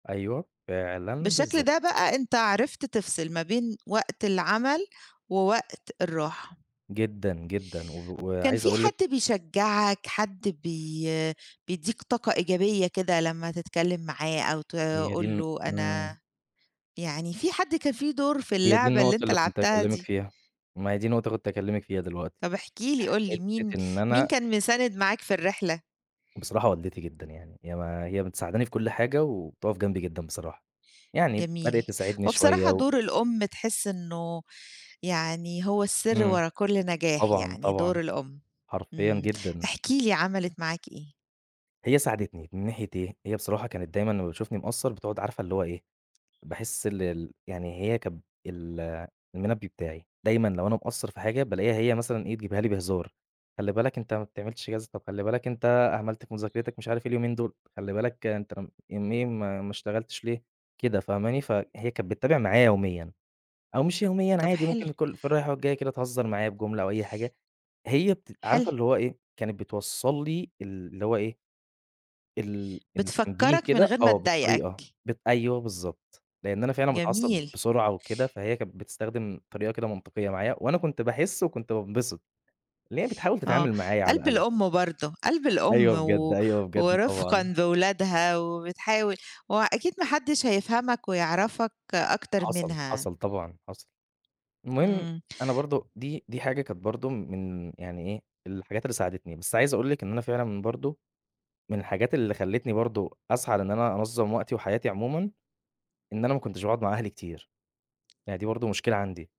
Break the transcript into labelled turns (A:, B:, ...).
A: أيوه، فعلًا
B: بالشكل ده
A: بالضبط.
B: بقى أنت عرفت تفصل ما بين وقت العمل، ووقت الراحة.
A: جدًا جدًا و
B: كان
A: وعايز
B: فيه
A: أقول لِك
B: حد بيشجعك حد بي بيدّيك طاقة إيجابية كده لمّا تتكلّم معاه أو
A: هي دي
B: تقول
A: الن
B: له
A: امم.
B: أنا يعني في حد كان في دور في
A: هي دي
B: اللعبة اللي
A: النقطة
B: أنت
A: اللي كُنت
B: لعبتها
A: هاكلمِك
B: دي؟
A: فيها، ما هي دي نقطة كُنت هاكلّمِك فيها دلوقتي،
B: طب احكِ لي قُل لي مين
A: حتّة إن
B: مين
A: أنا
B: كان مساند معاك في الرحلة؟
A: بصراحة والدتي جدًا يعني هي ما هي مساعداني في كل حاجة وبتقف جنبي جدًا بصراحة، يعني
B: جميل،
A: بدأت تساعدني
B: هو
A: شويّة
B: بصراحة
A: و
B: دور الأم تحس إنّه يعني هو السر
A: امم
B: ورا كل نجاح
A: طبعًا
B: يعني دور
A: طبعًا،
B: الأم،
A: حرفيًا
B: امم
A: جدًا.
B: احكِ لي عملت معاك إيه؟
A: هي ساعدتني من ناحية إيه، هي بصراحة كانت دايمًا لمّا بتشوفني مقصّر بتقعد عارفة اللي هو إيه، باحِس ال ال يعني هي كانت ال المنبه بتاعي، دايمًا لو أنا مقصّر في حاجة بالاقيها هي مثلًا إيه بتجيبها لي بهزار، خلّي بالك أنت ما بتعملش كذا طَب خلّي بالك أنت أهملت في مذاكرتك مش عارف إيه اليومين دول، خلّي بالك أنت يومين ما ما اشتغلتش ليه، كده فاهماني فهي كانت بتتابع معايا يوميًا، أو مش يوميًا
B: طب
A: عادي
B: حلو
A: ممكن كل في الرايحة والجايّة كده تهزّر معايا بجملة أو أي حاجة، هي بتبقى
B: حلو.
A: عارفة اللي هو إيه، كانت بتوصل لي ال اللي هو إيه ال ال التنبيه
B: بتفكرك من
A: كده
B: غير ما
A: آه بالطريقة،
B: تضايقك.
A: بت أيوَه بالضبط، لإن أنا فعلًا باتعصب
B: جميل.
A: بسرعة وكده فهي كانت بتستخدم طريقة كده منطقيّة معايا، وأنا كُنت باحِس وكُنت بانبسط، إن هي بتحاول
B: آه،
A: تتعامل معايا على
B: قلب
A: الأقل.
B: الأم برضو قلب الأم
A: أيوه بجد
B: و
A: أيوه بجد طبعًا.
B: ورفقًا بولادها وبتحاول، ما هو أكيد ما حدش هيفهمك ويعرفك أكتر
A: حصل
B: منها.
A: حصل طبعًا حصل، المهم
B: امم.
A: أنا برضو دي دي حاجة كانت برضو م من يعني إيه، الحاجات اللي ساعدتني بس عايز أقول لِك إن أنا فعلًا برضو، من الحاجات اللي خلتني برضو أسعى لإن أنا أنظم وقتي وحياتي عمومًا، إن أنا ما كنتش باقعد مع أهلي كتير، أهي دي برضو مشكلة عندي.